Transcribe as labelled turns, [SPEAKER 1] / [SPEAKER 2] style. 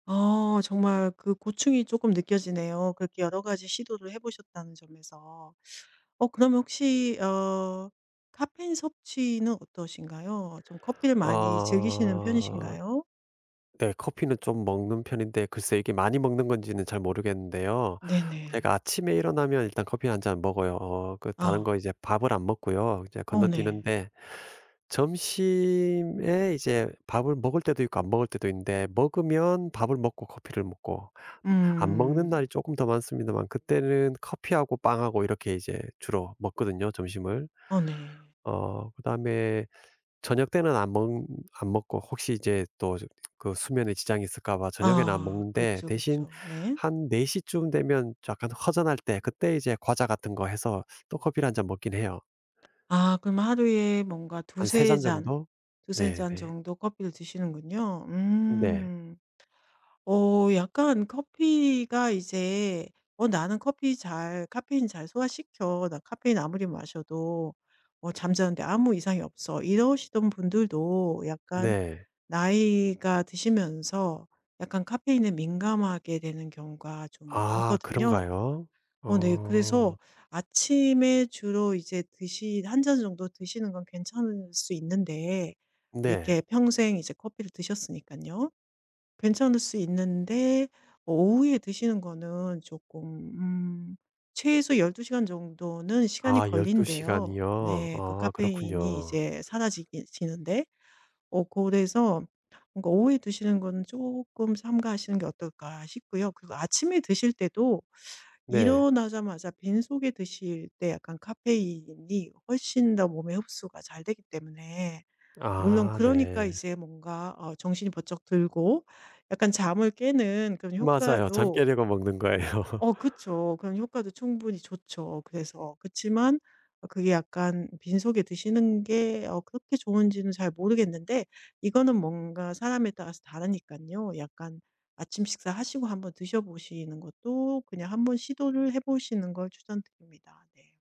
[SPEAKER 1] 어 정말 그 고충이 쪼끔 느껴지네요. 그렇게 여러 가지 시도를 해 보셨다는 점에서. 어 그러면 혹시 어 카페인 섭취는 어떠신가요? 좀 커피를 많이 즐기시는
[SPEAKER 2] 어.
[SPEAKER 1] 편이신가요?
[SPEAKER 2] 네 커피는 좀 먹는 편인데 글쎄 이게 많이 먹는 건지는 잘 모르겠는데요. 제가
[SPEAKER 1] 네네.
[SPEAKER 2] 아침에 일어나면 일단 커피 1 잔 먹어요. 어 그 다른
[SPEAKER 1] 어.
[SPEAKER 2] 거 이제 밥을 안 먹고요. 이제
[SPEAKER 1] 어 네.
[SPEAKER 2] 건너뛰는데 점심에 이제 밥을 먹을 때도 있고 안 먹을 때도 있는데 먹으면 밥을 먹고 커피를 먹고 안 먹는
[SPEAKER 1] 음.
[SPEAKER 2] 날이 쪼끔 더 많습니다만 그때는 커피하고 빵하고 이렇게 이제 주로 먹거든요 점심을.
[SPEAKER 1] 아 네.
[SPEAKER 2] 어 그다음에 저녁때는 안 먹 안 먹고 혹시 이제 또 이제 그 수면에 지장이 있을까 봐 저녁에는 안
[SPEAKER 1] 아
[SPEAKER 2] 먹는데
[SPEAKER 1] 그쵸,
[SPEAKER 2] 대신
[SPEAKER 1] 그쵸 네.
[SPEAKER 2] 한 4 시쯤 되면 약간 허전할 때 그때 이제 과자 같은 거 해서 또 커피를 1 잔 먹긴 해요.
[SPEAKER 1] 아 그러면 하루에 뭔가
[SPEAKER 2] 한 3
[SPEAKER 1] 2-3
[SPEAKER 2] 잔
[SPEAKER 1] 잔,
[SPEAKER 2] 정도?
[SPEAKER 1] 2-3 잔
[SPEAKER 2] 네네.
[SPEAKER 1] 정도 커피를 드시는군요.
[SPEAKER 2] 네.
[SPEAKER 1] 음. 어 약간 커피가 이제 "어 나는 커피 잘 카페인 잘 소화시켜. 나 카페인 아무리 마셔도 어 잠자는 데 아무 이상이 없어." 이러시던 분들도 약간
[SPEAKER 2] 네.
[SPEAKER 1] 나이가 드시면서 약간 카페인에 민감하게 되는 경우가 좀
[SPEAKER 2] 아
[SPEAKER 1] 많거든요.
[SPEAKER 2] 그런가요?
[SPEAKER 1] 어 네 그래서
[SPEAKER 2] 어.
[SPEAKER 1] 아침에 주로 이제 드시 1 잔 정도 드시는 건 괜찮을 수 있는데
[SPEAKER 2] 네.
[SPEAKER 1] 이렇게 평생 이제 커피를 드셨으니깐요. 괜찮을 수 있는데 어 오후에 드시는 거는 조금 음 최소 12 시간 정도는 시간이
[SPEAKER 2] 아 12
[SPEAKER 1] 걸린대요.
[SPEAKER 2] 시간이요?
[SPEAKER 1] 네 그
[SPEAKER 2] 어
[SPEAKER 1] 카페인이
[SPEAKER 2] 그렇군요.
[SPEAKER 1] 이제 사라지기 지는데. 어 그래서 뭔가 오후에 드시는 거는 쪼끔 삼가하시는 게 어떨까 싶고요. 그리고 아침에 드실 때도
[SPEAKER 2] 네.
[SPEAKER 1] 일어나자마자 빈속에 드실 때 약간 카페인이 훨씬 더 몸에 흡수가 잘 되기 때문에 물론
[SPEAKER 2] 아
[SPEAKER 1] 그러니까
[SPEAKER 2] 네.
[SPEAKER 1] 이제 뭔가 어 정신이 번쩍 들고 약간 잠을 깨는 그런
[SPEAKER 2] 맞아요. 잠
[SPEAKER 1] 효과도
[SPEAKER 2] 깨려고 먹는 거예요.
[SPEAKER 1] 어 그쵸. 그런 효과도 충분히 좋죠. 그래서 그치만 그게 약간 빈속에 드시는 게 어 그렇게 좋은지는 잘 모르겠는데 이거는 뭔가 사람에 따라서 다르니깐요. 약간 아침 식사하시고 한번 드셔 보시는 것도 그냥 한번 시도를 해 보시는 걸 추천드립니다. 네.